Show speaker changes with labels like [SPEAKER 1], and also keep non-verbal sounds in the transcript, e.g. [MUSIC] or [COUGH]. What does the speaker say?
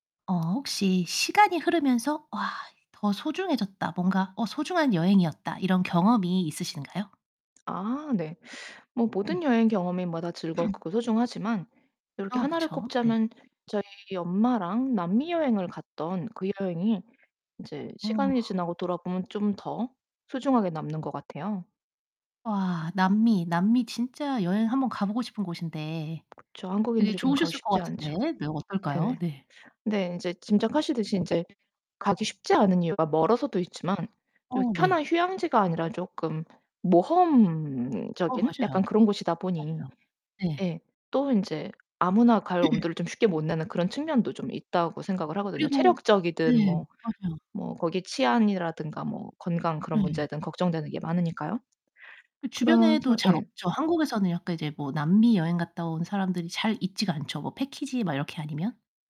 [SPEAKER 1] 어 혹시 시간이 흐르면서 '와. 더 소중해졌다. 뭔가 어 소중한 여행이었다.' 이런 경험이 있으신가요?
[SPEAKER 2] 아. 네. 뭐 모든
[SPEAKER 1] 네.
[SPEAKER 2] 여행 경험마다
[SPEAKER 1] [CLEARS THROAT]
[SPEAKER 2] 즐겁고 소중하지만 요렇게
[SPEAKER 1] 어
[SPEAKER 2] 1 를
[SPEAKER 1] 그쵸. 네.
[SPEAKER 2] 꼽자면 저희 엄마랑 남미 여행을 갔던 그 여행이 인제
[SPEAKER 1] 어.
[SPEAKER 2] 시간이 지나고 돌아보면 좀 더 소중하게 남는 것 같아요.
[SPEAKER 1] 와. 남미. 남미 진짜 여행 한번 가 보고 싶은 곳인데.
[SPEAKER 2] 그쵸.
[SPEAKER 1] 되게
[SPEAKER 2] 한국인들이 좀 가기
[SPEAKER 1] 좋으셨을
[SPEAKER 2] 쉽지
[SPEAKER 1] 것
[SPEAKER 2] 않죠.
[SPEAKER 1] 같은데. 네, 어떨까요?
[SPEAKER 2] 네네.
[SPEAKER 1] 네.
[SPEAKER 2] 근데 인제 짐작하시듯이 인제 가기
[SPEAKER 1] 네.
[SPEAKER 2] 쉽지 않은 이유가 멀어서도 있지만 요
[SPEAKER 1] 어 네.
[SPEAKER 2] 편한 휴양지가 아니라 쪼끔
[SPEAKER 1] 어
[SPEAKER 2] 모험적인 약간
[SPEAKER 1] 맞아요.
[SPEAKER 2] 그런 곳이다 보니
[SPEAKER 1] 맞아요. 네.
[SPEAKER 2] 예 또 인제 아무나 갈
[SPEAKER 1] [CLEARS THROAT]
[SPEAKER 2] 엄두를 좀 쉽게 못 내는 그런 측면도 좀 있다고 생각을 하거든요.
[SPEAKER 1] 그리고
[SPEAKER 2] 체력적이든
[SPEAKER 1] 네.
[SPEAKER 2] 뭐
[SPEAKER 1] 맞아요.
[SPEAKER 2] 뭐 거기 치안이라든가 뭐 건강 그런
[SPEAKER 1] 네.
[SPEAKER 2] 문제든 걱정되는 게 많으니까요.
[SPEAKER 1] 그
[SPEAKER 2] 그래서
[SPEAKER 1] 주변에도 잘
[SPEAKER 2] 예.
[SPEAKER 1] 없죠. 한국에서는 약간 이제 뭐 남미 여행 갔다 온 사람들이 잘 있지가 않죠, 뭐 패키지 막 이렇게 아니면.